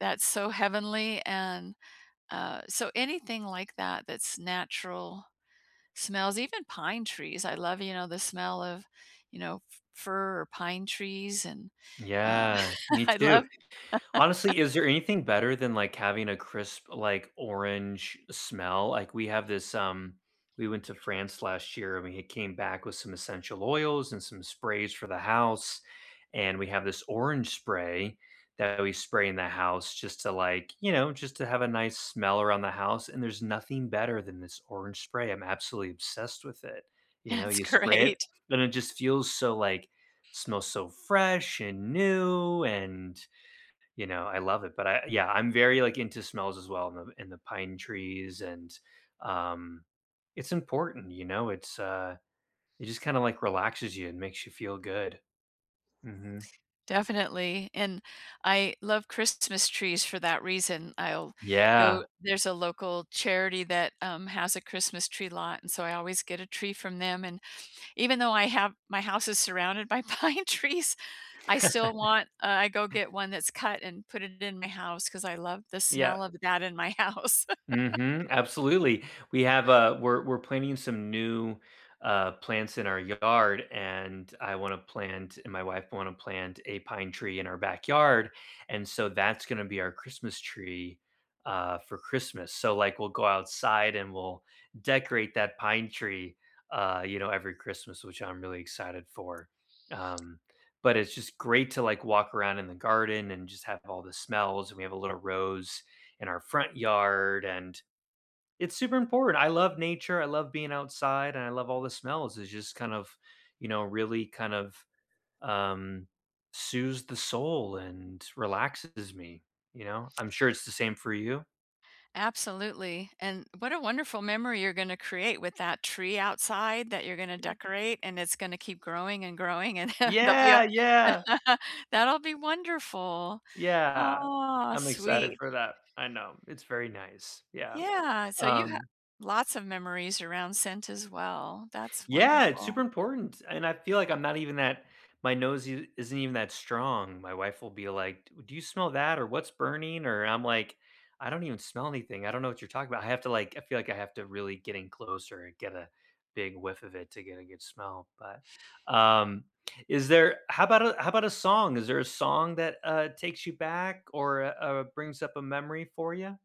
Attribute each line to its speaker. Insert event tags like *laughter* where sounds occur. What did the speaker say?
Speaker 1: That's so heavenly and, uh, so anything like that that's natural smells, even pine trees, I love, you know, the smell of, you know, f fir or pine trees and, uh,
Speaker 2: Yeah, me
Speaker 1: *chuckles* I
Speaker 2: too,
Speaker 1: love *chuckles*
Speaker 2: honestly, is there anything better than like having a crisp, like orange smell? Like we have this um, we went to France last year and we had came back with some essential oils and some sprays for the house, and we have this orange spray that we spray in the house just to like you know, just to have a nice smell around the house, and there's nothing better than this orange spray, I'm absolutely obsessed with it. You know,
Speaker 1: That's
Speaker 2: you spray it,
Speaker 1: great.
Speaker 2: and it just feels so like smells so fresh and new, and, you know, I love it, but I yeah, I'm very like into smells as well in the in the pine trees and, um, it's important, you know, it's, uh it just kinda like relaxes you and makes you feel good. Mhm.
Speaker 1: Definitely, and I love Christmas trees for that reason, I'll go
Speaker 2: Yeah.
Speaker 1: there's a local charity that, um, has a Christmas tree lot and so I always get a tree from them, and even though I have my house is surrounded by pine trees, I still
Speaker 2: *chuckles*
Speaker 1: want, uh, I go get one that's cut and put it in my house 'cause I love the
Speaker 2: Yeah.
Speaker 1: smell of that in my house.
Speaker 2: Mhm, absolutely, we have, uh we're we're planting some new, uh, plants in our yard, and I wanna plant, and my wife want to plant a pine tree in our backyard, and so that's gonna be our Christmas tree, uh, for Christmas, so like we'll go outside and we'll decorate that pine tree, uh, you know, every Christmas, which I'm really excited for, um, but it's just great to like walk around in the garden and just have all the smells, and we have a little rose in our front yard and it's super important. I love nature. I love being outside, and I love all the smells. It's just kind of, you know, really kind of, um, soothes the soul and relaxes me, you know? I'm sure it's the same for you.
Speaker 1: Absolutely, and what a wonderful memory you're gonna create with that tree outside that you're gonna decorate and it's gonna keep growing and growing and h they'll be u
Speaker 2: Yeah, yeah!
Speaker 1: *laughs* that'll be wonderful,
Speaker 2: Yeah,
Speaker 1: aw,
Speaker 2: I'm excited
Speaker 1: sweet.
Speaker 2: for that. I know, it's very nice, yeah,
Speaker 1: Yeah, so you have
Speaker 2: um
Speaker 1: lots of memories around scent as well. That's
Speaker 2: Yeah, it's super
Speaker 1: wonderful.
Speaker 2: important, and I feel like I'm not even that my nose i isn't even that strong. My wife will be like, "D do you smell that or what's burning?" Or I'm like, "I don't even smell anything. I don't know what you're talking about." I have to like I feel like I have to really get in closer and get a big whiff of it to get a good smell, but, um, is there how 'bout a how 'bout a song? Is there a song that, uh, takes you back or, u uh, brings up a memory for ya?